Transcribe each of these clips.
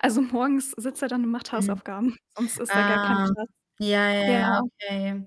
Also morgens sitzt er dann und macht Mhm. Hausaufgaben, sonst ist da gar kein Ah. Platz. Ja, ja, Ja. ja, okay.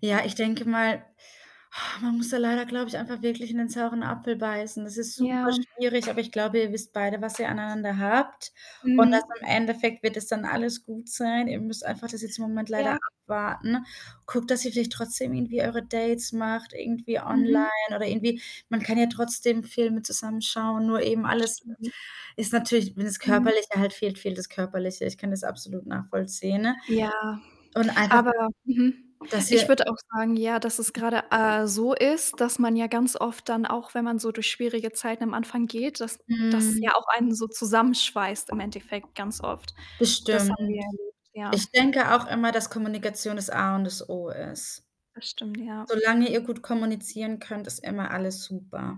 Ja, ich denke mal, man muss da leider, glaube ich, einfach wirklich in den sauren Apfel beißen. Das ist super Ja. schwierig, aber ich glaube, ihr wisst beide, was ihr aneinander habt. Und Mhm. das im Endeffekt wird es dann alles gut sein. Ihr müsst einfach das jetzt im Moment leider Ja. abwarten. Guckt, dass ihr vielleicht trotzdem irgendwie eure Dates macht, irgendwie online, Mhm. oder irgendwie man kann ja trotzdem Filme zusammen schauen, nur eben Das alles stimmt. ist natürlich, wenn das Mhm. Körperliche halt fehlt, fehlt das Körperliche. Ich kann das absolut nachvollziehen, ne? Ja, Und einfach aber mhm, dass ich ihr würde auch sagen, ja, dass es gerade, äh, so ist, dass man ja ganz oft dann, auch wenn man so durch schwierige Zeiten am Anfang geht, dass das Mhm. auch einen so zusammenschweißt im Endeffekt, ganz oft. Das Das stimmt. haben wir erlebt, ja. Ich denke auch immer, dass Kommunikation das A und das O ist. Das stimmt, ja. Solange ihr gut kommunizieren könnt, ist immer alles super.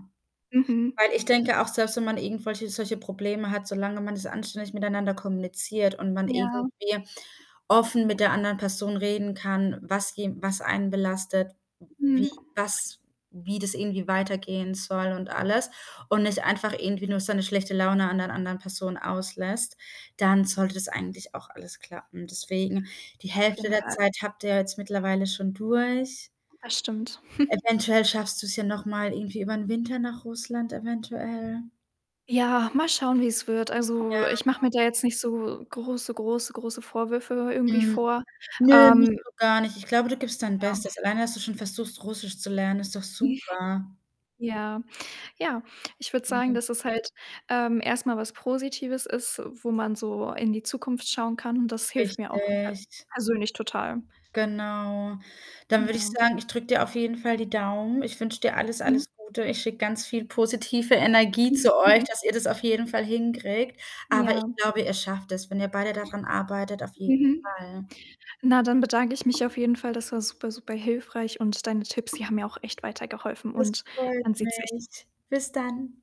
Mhm. Weil ich denke auch, selbst wenn man irgendwelche solche Probleme hat, solange man das anständig miteinander kommuniziert und man Ja. irgendwie offen mit der anderen Person reden kann, was je was einen belastet, wie Mhm. was wie das irgendwie weitergehen soll und alles und nicht einfach irgendwie nur seine schlechte Laune an der anderen Person auslässt, dann sollte das eigentlich auch alles klappen. Deswegen, die Ja, auf Hälfte jeden der Fall. Zeit habt ihr ja jetzt mittlerweile schon durch. Das stimmt. Eventuell schaffst du's ja noch mal irgendwie übern Winter nach Russland, eventuell. Ja, mal schauen, wie's wird. Also, ich mache Ja. mir da jetzt nicht so große, große, große Vorwürfe, irgendwie Mhm. vor. Nö, nicht Ähm so gar nicht. Ich glaube, du gibst dein Ja. Bestes. Alleine, dass du schon versuchst, Russisch zu lernen, ist doch super. Ja, ja, ich würde sagen, [unintelligible] dass es halt ähm, erst mal was Positives ist, wo man so in die Zukunft schauen kann und das hilft mir auch tat Richtig. persönlich total. Genau. Dann würde ich Ja. sagen, ich drück dir auf jeden Fall die Daumen. Ich wünsch dir alles, Mhm. alles Gute. Ich schicke ganz viel positive Energie zu euch, dass ihr das auf jeden Fall hinkriegt. Aber ich Ja. glaube, ihr schafft das, wenn ihr beide da dran arbeitet, auf jeden Mhm. Fall. Na, dann bedanke ich mich auf jeden Fall. Das war super super hilfreich und deine Tipps, die haben mir auch echt weitergeholfen Das und man freut sieht sich. mich. Bis dann.